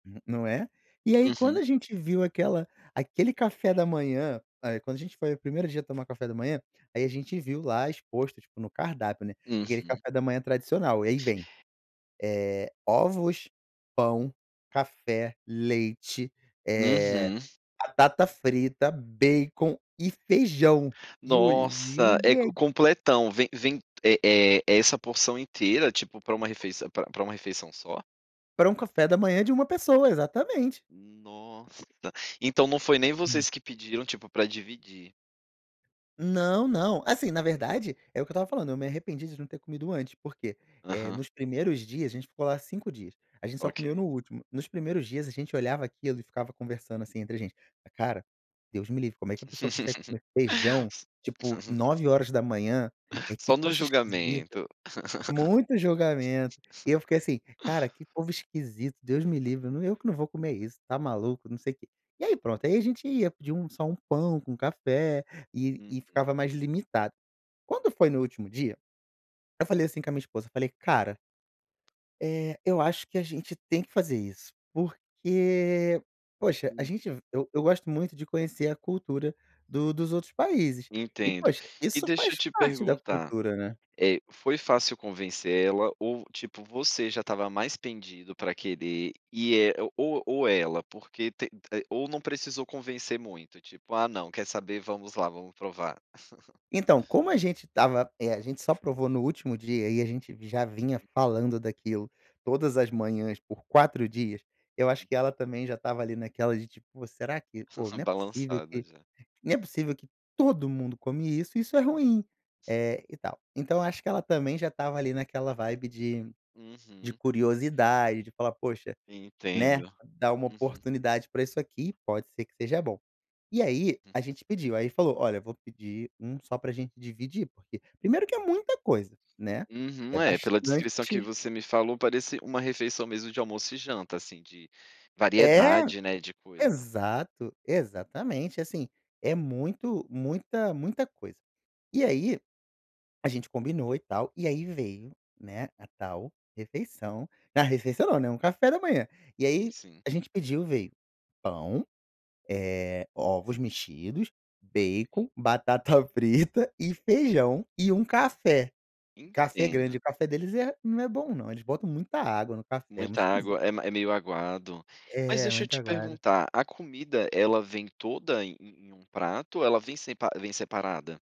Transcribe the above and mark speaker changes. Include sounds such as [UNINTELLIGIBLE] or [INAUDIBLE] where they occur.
Speaker 1: N não é? E aí, quando
Speaker 2: Uhum
Speaker 1: a gente viu aquela aquele café da manhã aí, quando a gente foi o 1º dia a tomar café da manhã, aí a gente viu lá exposto, tipo, no cardápio, né, aquele
Speaker 2: Uhum.
Speaker 1: café da manhã tradicional. Aí vem, eh, ovos, pão, café, leite, eh,
Speaker 2: Uhum.
Speaker 1: batata frita, bacon e feijão. E
Speaker 2: Nossa,
Speaker 1: olhei
Speaker 2: é co
Speaker 1: a
Speaker 2: completão. Vem vem, eh eh, é essa porção inteira, tipo, pra uma refeiçã pra pra uma refeição só?
Speaker 1: Pra um café da manhã de 1 pessoa, exatamente.
Speaker 2: Nossa! Então não foi nem
Speaker 1: Hum.
Speaker 2: vocês que pediram, tipo, pra dividir.
Speaker 1: Não, não. Assim, na verdade, é o eu estava falando: eu me arrependi de não ter comido antes. Por quê? Eh,
Speaker 2: Aham.
Speaker 1: nos primeiros dias a gente ficou lá 5 dias. A gente só comeu
Speaker 2: Ok.
Speaker 1: no último. Nos primeiros dias, a gente olhava aquilo e ficava conversando, assim, entre gente: "Cara, Deus me livre, como é que a pessoa consegue
Speaker 2: [LAUGHS]
Speaker 1: comer feijão, tipo,
Speaker 2: [UNINTELLIGIBLE]
Speaker 1: 9h? Eh, que
Speaker 2: Só no
Speaker 1: troço esquisito".
Speaker 2: julgamento.
Speaker 1: Muito julgamento, e eu
Speaker 2: [LAUGHS]
Speaker 1: fiquei assim: "Cara, que povo esquisito, Deus me livre. Nã eu que não vou comer isso, tá maluco, não sei quê". E aí, pronto. E aí a gente ia, pedia um só um pão com café e e
Speaker 2: Uhum.
Speaker 1: ficava mais limitado. Quando foi no último dia, eu falei assim, com a minha esposa, eu falei: "Cara" "eh, eu acho que a gente tem que fazer isso porque, poxa" a
Speaker 2: Uhum.
Speaker 1: gente ve eu eu gosto muito de conhecer a cultura do dos outros países e,
Speaker 2: Entendo.
Speaker 1: poxa,
Speaker 2: E
Speaker 1: isso
Speaker 2: deixa eu
Speaker 1: faz
Speaker 2: te
Speaker 1: parte da
Speaker 2: perguntar.
Speaker 1: cultura, né.
Speaker 2: Eh, foi fácil convencer ela ou, tipo, você já estava mais pendido pra querer, e é o ou ou ela, porque te te ou não precisou convencer muito, tipo: "Ah, não, quer saber, vamos lá, vamos provar". [CHUCKLES]
Speaker 1: Então, como a gente estava, eh, a gente só provou no último dia e a gente já vinha
Speaker 2: Uhum.
Speaker 1: falando daquilo todas as manhãs por 4 dias, eu acho que
Speaker 2: Uhum.
Speaker 1: ela também já estava ali, naquela de, tipo, "Pô, será que pô,
Speaker 2: [CHUCKLES]
Speaker 1: não é possível
Speaker 2: Balançada,
Speaker 1: que
Speaker 2: já.
Speaker 1: não é possível que todo mundo come isso e isso é ruim", eh e tal. Então, eu acho que ela também já estava ali naquela vibe de de
Speaker 2: Uhum.
Speaker 1: curiosidade, de falar: "Poxa, né,
Speaker 2: Entendo.
Speaker 1: dar uma
Speaker 2: Uhum.
Speaker 1: oportunidade pra isso aqui, pode ser que seja bom". E aí,
Speaker 2: Hum.
Speaker 1: a gente pediu, aí falou: "Olha, eu vou pedir 1 só pra gente dividir porque" primeiro que é muita coisa, né. É
Speaker 2: Uhum, é, pela
Speaker 1: bastante
Speaker 2: descrição que você me falou parece uma refeição mesmo de almoço e janta, assim, de,
Speaker 1: É!
Speaker 2: variedade, né, de coisa.
Speaker 1: Exato. Exatamente, e assim, é muito muita muita coisa. E aí, a gente combinou e tal e aí veio, né, a tal refeição na refeição, não, né, um café da manhã. E
Speaker 2: E
Speaker 1: aí
Speaker 2: sim.
Speaker 1: a gente pediu, veio: pão, eh, ovos mexidos,
Speaker 2: [UNINTELLIGIBLE]
Speaker 1: bacon, batata frita e feijão e um café. Café grande
Speaker 2: Entendo.
Speaker 1: o café deles é não é bom não, eles botam muita água no café, é muito
Speaker 2: Muita
Speaker 1: esquisito.
Speaker 2: água, é m é meio aguado. Mas,
Speaker 1: É,
Speaker 2: deixa eu
Speaker 1: muito
Speaker 2: te
Speaker 1: aguado.
Speaker 2: perguntar. A comida, ela vem toda em em em um prato ou ela vem sempa vem separada?